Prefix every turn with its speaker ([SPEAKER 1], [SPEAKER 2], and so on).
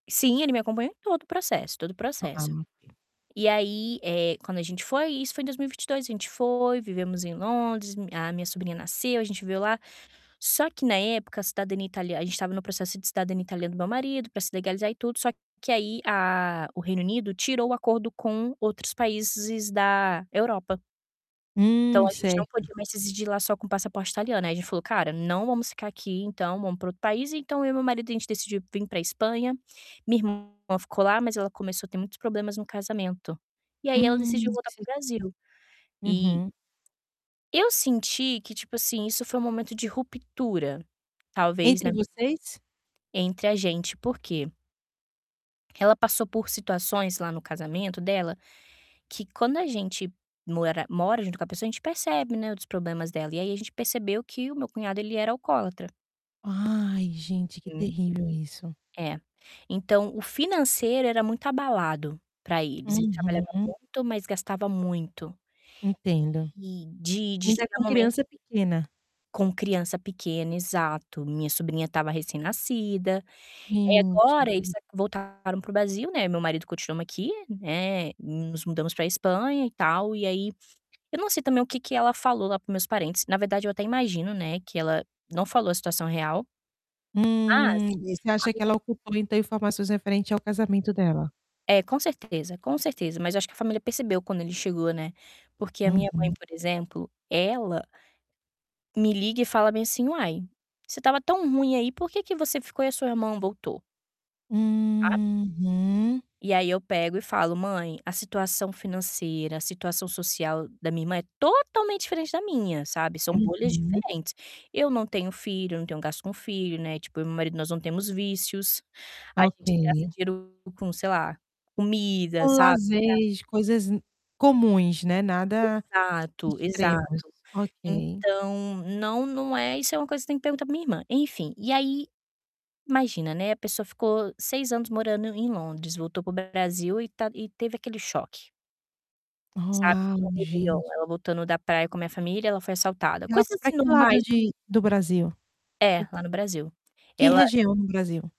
[SPEAKER 1] Sim, ele me acompanhou em todo o processo todo o processo.
[SPEAKER 2] É.
[SPEAKER 1] E aí, eh, quando a gente foi, e isso foi em 2022, a gente foi, vivemos em Londres, mi a minha sobrinha nasceu, a gente viveu lá. Só que, na época, a cidadania italia a gente estava no processo de cidadania italiana do meu marido, pra se legalizar e tudo, só que aí a o Reino Unido tirou o acordo com outros países da Europa. Então
[SPEAKER 2] Hum,
[SPEAKER 1] a gente não
[SPEAKER 2] certo.
[SPEAKER 1] podia mais residir lá só com passaporte italiano. Ai a gente falou: "Cara, não vamos ficar aqui, então vamos pra outro país". Então eu e meu marido, a gente decidiu vim pra Espanha. Minha irmã ficou lá, mas ela começou a ter muitos problemas no casamento e aí ela decidiu
[SPEAKER 2] Hum,
[SPEAKER 1] voltar para
[SPEAKER 2] ce
[SPEAKER 1] o Brasil. E
[SPEAKER 2] Uhum.
[SPEAKER 1] eu senti que, tipo assim, isso foi um momento de ruptura, talvez, né
[SPEAKER 2] Entre vocês?
[SPEAKER 1] entre a gente, por quê? porque ela passou por situações lá no casamento dela que quando a gente mora mora junto com a pessoa, a gente percebe, né, outros problemas dela. E aí a gente percebeu que o meu cunhado, ele era alcoólatra.
[SPEAKER 2] Ai, gente, que
[SPEAKER 1] Uhum.
[SPEAKER 2] terrível isso.
[SPEAKER 1] É. Então o financeiro era muito abalado pra eles. Ele trabalhava
[SPEAKER 2] Uhum.
[SPEAKER 1] muito, mas gastava muito.
[SPEAKER 2] Entendo.
[SPEAKER 1] E de de
[SPEAKER 2] Ainda
[SPEAKER 1] chegar
[SPEAKER 2] com
[SPEAKER 1] momento
[SPEAKER 2] criança pequena.
[SPEAKER 1] Com criança pequena, exato. Minha sobrinha estava recém-nascida. E
[SPEAKER 2] Gente, que
[SPEAKER 1] agora eles
[SPEAKER 2] difí
[SPEAKER 1] a voltaram para o Brasil, né. Eu e meu marido continuamos aqui, né, nos mudamos pra Espanha e tal, e aí eu não sei também o que que ela falou lá para os meus parentes. Na verdade, eu até imagino, né, que ela não falou a situação real mas a minha
[SPEAKER 2] Hum, e
[SPEAKER 1] minha
[SPEAKER 2] você acha que ela ocultou então informações referente ao casamento dela?
[SPEAKER 1] É, com certeza, com certeza, mas eu acho que a família percebeu quando ele chegou, né, porque a minha mãe,
[SPEAKER 2] Uhum.
[SPEAKER 1] por exemplo, ela me liga e fala bem, assim: "Uai, se estava tão ruim aí, por que que você ficou e a sua irmã voltou?" Sabe?
[SPEAKER 2] Uhum.
[SPEAKER 1] E aí eu pego e falo: "Mãe, a situação financeira, a situação social da minha irmã é totalmente diferente da minha, sabe. São bolhas
[SPEAKER 2] Uhum.
[SPEAKER 1] diferentes. Eu não tenho filho, eu não tenho gasto com filho, né, tipo, eu e meu marido nós não temos vícios, a gente gasta
[SPEAKER 2] Ok.
[SPEAKER 1] dinheiro com, sei lá, comida,
[SPEAKER 2] Um
[SPEAKER 1] sabe, ga"
[SPEAKER 2] lazes, coisas comuns, né. Nada
[SPEAKER 1] Exato,
[SPEAKER 2] extremos.
[SPEAKER 1] exato.
[SPEAKER 2] Ok.
[SPEAKER 1] Então, não, não é. isso é uma coisa que você tem que perguntar pra minha irmã. Enfim, e aí imagina, né, a pessoa ficou 6 anos morando em Londres, voltou para o Brasil e ta e teve aquele choque. Sabe, no
[SPEAKER 2] Uau,
[SPEAKER 1] Réveillon,
[SPEAKER 2] gente.
[SPEAKER 1] ela voltando da praia com minha família, ela foi assaltada.
[SPEAKER 2] E ela
[SPEAKER 1] Coisas,
[SPEAKER 2] foi pra
[SPEAKER 1] assim,
[SPEAKER 2] que
[SPEAKER 1] normais
[SPEAKER 2] lado
[SPEAKER 1] no
[SPEAKER 2] de do Brasil?
[SPEAKER 1] É,
[SPEAKER 2] Q
[SPEAKER 1] lá no Brasil.
[SPEAKER 2] Que
[SPEAKER 1] Ela
[SPEAKER 2] região no Brasil?